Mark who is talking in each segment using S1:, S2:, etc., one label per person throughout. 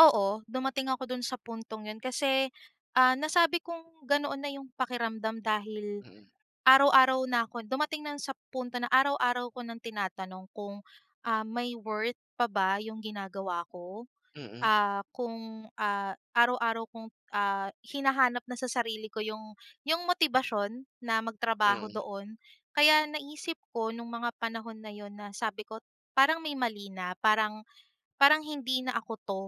S1: Oo, dumating ako do'n sa puntong yun. Kasi ah, nasabi kong ganoon na yung pakiramdam dahil
S2: Mm.
S1: araw-araw na 'ko dumating na lang sa punto na araw-araw ko ng tinatanong kung ah, may worth pa ba yung ginagawa ko.
S2: Mm.
S1: Ah, kung ah, araw-araw kong ah, hinahanap na sa sarili ko yung yung motibasyon na magtrabaho
S2: Mm.
S1: doon. Kaya naisip ko nung mga panahon na yun, na sabi ko parang may mali na, parang parang hindi na ako 'to,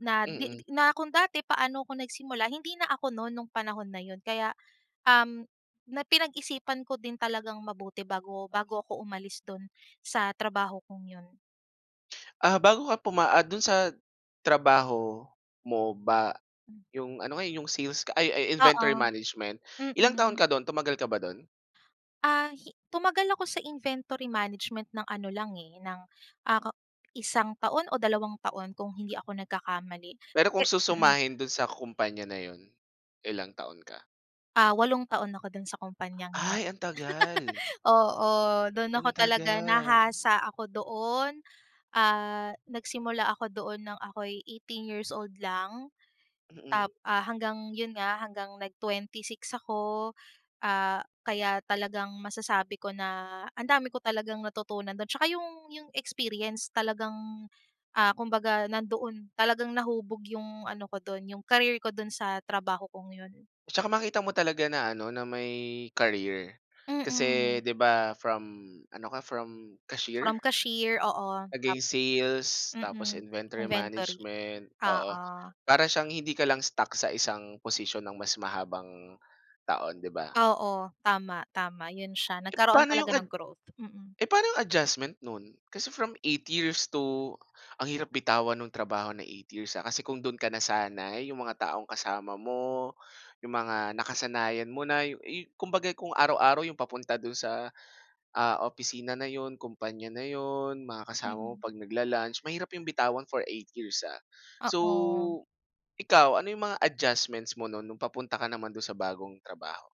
S1: na 'di
S2: Mm.
S1: 'di na kung dati paano ako nagsimula, hindi na ako no'n nung panahon na yun. Kaya um, na pinag-isipan ko din talagang mabuti bago bago ako umalis do'n sa trabaho kong yun.
S2: Ah bago ka puma ah do'n sa trabaho mo ba
S1: Mm.
S2: yung ano nga, yung sales ka, ay ay
S1: Oo,
S2: inventory management Ilang taon
S1: mm.
S2: ka do'n? Tumagal ka ba do'n?
S1: Ah, hi tumagal ako sa inventory management ng ano lang eh, ng ah ka isang taon o dalawang taon, kung hindi ako nagkakamali.
S2: Pero
S1: Pe
S2: kung
S1: mm.
S2: susumahin do'n sa kumpanya na yun, ilang taon ka?
S1: Ah, 8 taon ako do'n sa kumpanyang yun.
S2: Ay, ang tagal.
S1: Oo, do'n ako
S2: Ang
S1: talaga
S2: tagal.
S1: nahasa ako doon, ah nagsimula ako doon nang ako'y 18 years old lang.
S2: Mm.
S1: Tap ah hanggang yun nga, hanggang nag 26 ako, ah kaya talagang masasabi ko na ang dami ko talagang natutunan do'n. Tsaka yung yung experience talagang ah, kumbaga, nandoon. Talagang nahubog yung ano ko do'n, yung career ko do'n sa trabaho kong yun.
S2: Tsaka makita mo talaga na ano, na may career. Kasi
S1: Mm.
S2: 'di ba from ano ka, from cashier?
S1: From cashier, oo
S2: Naging
S1: Tap
S2: sales tapos
S1: mm.
S2: sales tapos inventory
S1: inventory
S2: management, oo.
S1: oo.
S2: Para siyang hindi ka lang stuck sa isang posisyon ng mas mahabang taon, 'di ba?
S1: Oo. Tama, tama. 'Yun siya,
S2: Eh,
S1: nagkaroon
S2: paano yung
S1: talaga
S2: ad
S1: ng growth. Mm.
S2: eh paano 'yong adjustment no'n? Kasi from 8 years to ang hirap bitawan ng trabaho na 8 years ah. Kasi kung do'n ka nasanay, yung mga taong kasama mo, 'yong mga nakasanayan mo na, yu yung kumbaga, kung araw-araw 'yong papunta do'n sa, ah, opisina na 'yon, kumpanya na 'yon, mga kasama mo
S1: Mm.
S2: 'pag nagla-lunch, mahirap 'yong bitawan for 8 years ah. So
S1: Oo.
S2: ikaw, ano 'yong mga adjustments mo no'n nung papunta ka naman do'n sa bagong trabaho?